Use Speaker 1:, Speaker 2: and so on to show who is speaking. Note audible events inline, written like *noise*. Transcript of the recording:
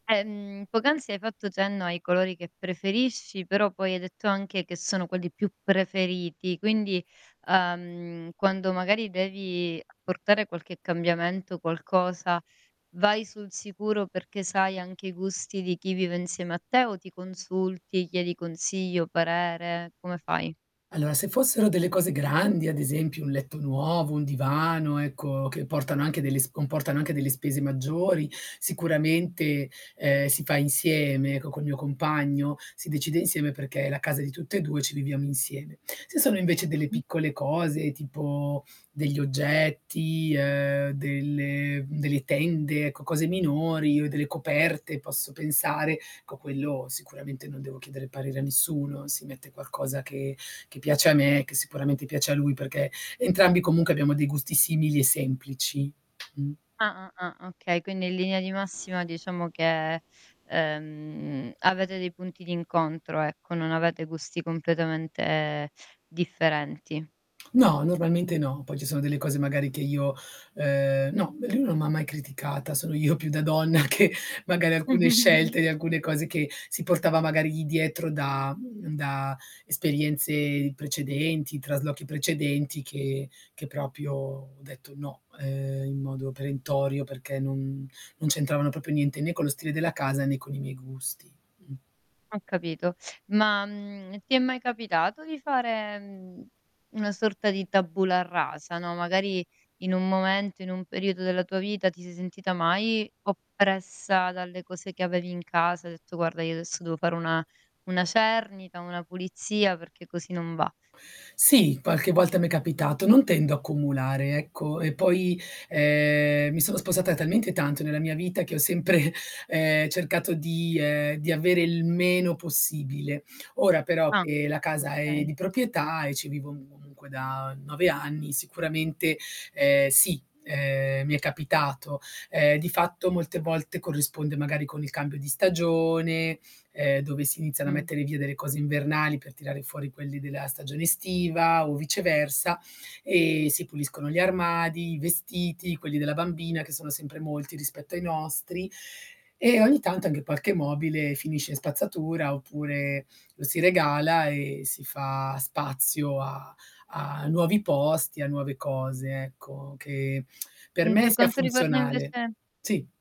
Speaker 1: Ehm, poc'anzi hai fatto cenno ai colori che preferisci, però poi hai detto anche che sono quelli più preferiti, quindi, uhm, quando magari devi portare qualche cambiamento, qualcosa, vai sul sicuro perché sai anche i gusti di chi vive insieme a te, o ti consulti chiedi consiglio, o parere, come fai?
Speaker 2: Allora, se fossero delle cose grandi ad esempio un letto nuovo, un divano ecco, che portano anche delle sp comportano anche delle spese maggiori, sicuramente, uhm, si fa insieme, ecco, col mio compagno, si decide insieme, perché è la casa di tutte e 2 e ci viviamo insieme. Se sono invece delle
Speaker 1: Mh-mh.
Speaker 2: piccole cose, tipo degli oggetti, uhm, delle mhmm, delle tende ecco, cose minori, o delle coperte, posso pensare, co quello sicuramente non devo chiedere parere a nessuno. Si mette qualcosa che che piace a me, e che sicuramente piace a lui perché entrambi comunque abbiamo dei gusti simili e semplici. Mh.
Speaker 1: Ah, ah, ah. Okay. Quindi in linea di massima diciamo che, ehm, avete dei punti d'incontro, ecco, non avete gusti completamente differenti.
Speaker 2: No, normalmente no, poi ci sono delle cose magari che io, uhm No, lui non m'ha mai criticata. Sono io più da donna che magari alcune scelte
Speaker 1: *giggles*
Speaker 2: di alcune cose che si portava magari lì dietro da mhmm, da esperienze precedenti, traslochi precedenti che che proprio ho detto: "No", uhm, in modo perentorio, perché non non c'entravano proprio niente, né con lo stile della casa né con i miei gusti. Mh.
Speaker 1: Ho capito. Ma, mhmm, ti è mai capitato di fare, uhm, una sorta di tabula rasa, no, magari in un momento, in un periodo della tua vita, ti sei sentita mai oppressa dalle cose che avevi in casa, hai detto: "Guarda io adesso devo fare una una cernita, una pulizia perché così non va"?
Speaker 2: Sì, qualche volta m'è capitato. Non tendo a accumulare ecco, e poi, uhm, mi sono spostata talmente tanto nella mia vita che ho sempre, uhm, cercato di uhm, di avere il meno possibile. Ora però
Speaker 1: Ah,
Speaker 2: che la casa è
Speaker 1: okay.
Speaker 2: di proprietà e ci vivo comunque da 9 anni, sicuramente, ehm, sì, uhm, mi è capitato. Uhm, di fatto molte volte corrisponde magari con il cambio di stagione, uhm, dove si iniziano a
Speaker 1: Mh.
Speaker 2: mettere via delle cose invernali per tirare fuori quelli della stagione estiva o viceversa, e si puliscono gli armadi, i vestiti, quelli della bambina che sono sempre molti rispetto ai nostri, e ogni tanto anche qualche mobile finisce in spazzatura, oppure lo si regala e si fa spazio a a nuovi posti, a nuove cose, ecco, che *clicks tongue* per
Speaker 1: Mh.
Speaker 2: me
Speaker 1: Per
Speaker 2: sia
Speaker 1: quanto riguarda
Speaker 2: funzionale
Speaker 1: invece
Speaker 2: Sì.